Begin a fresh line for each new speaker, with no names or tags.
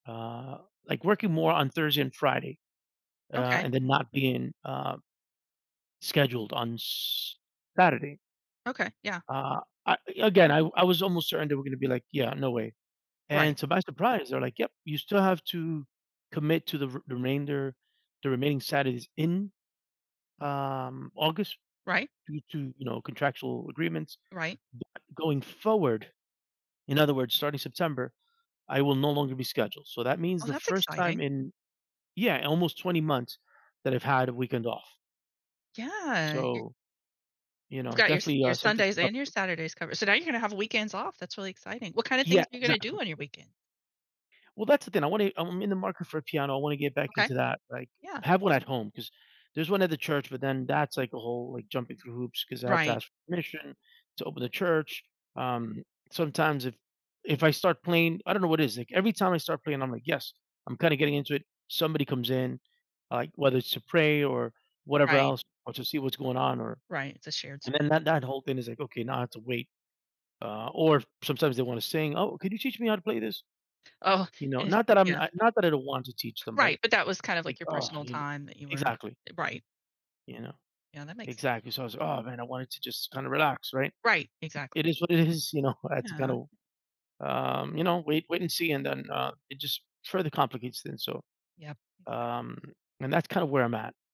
Uh, like working more on Thursday and Friday, uh,
Okay.
and then not being, uh scheduled on S Saturday.
Okay. Yeah.
Uh, I again, I w I was almost certain they were going to be like, yeah, no way.
Right.
And so by surprise, they're like, yep you still have to commit to the re remainder the remaining Saturdays in um August
Right.
due to, you know, contractual agreements
Right.
but going forward, in other words, starting September, I will no longer be scheduled. So, that means
Oh,
the
that's
first time
exciting.
in yeah, almost 20 months that I've had a weekend off.
Yeah, you're
So, you
You've
know,
got your s
definitely
your
uh something to
Sundays and your
celebrate.
Saturdays covered. So now you're gonna have weekends off. That's really exciting. What kinda things
Yeah,
are you gonna do
exactly.
on your weekend?
Well, that's the thing, I want it I'm in the market for a piano. I want to get back
Okay.
into that, like,
Yeah.
I have one at home 'cause there's one at the church, but then that's like a whole like jumping through hoops 'cause I have to
Right.
ask permission to open the church, um, sometimes if if I start playing I don't know what is like every time I start playing, I'm like, yes, I'm kinda getting into it. Somebody comes in, like, whether it's to pray or whatever
Right.
else or to see what's going on or
Right. It's a shared
and
spa
then that that whole thing is like, okay, now I have to wait, uh, or sometimes they wanna sing, oh, could you teach me how to play this?
Oh,
You know,
eh,
not that I'm
yeah.
I not that I don't want to teach them, but
Right. But that was kind of like
like,
your
oh,
personal
you kn
time that you were
Exactly.
Eh, right.
You know.
Yeah, that makes
exactly. So I was, oh man, I wanted to just kinda relax, right?
Right. Exactly.
It is what it is, you know, I had to kind
Yeah.
of, um, you know wait wait and see, and then, uh, it just further complicates things so,
Yep. Exactly.
um, and that's kind of where I'm at.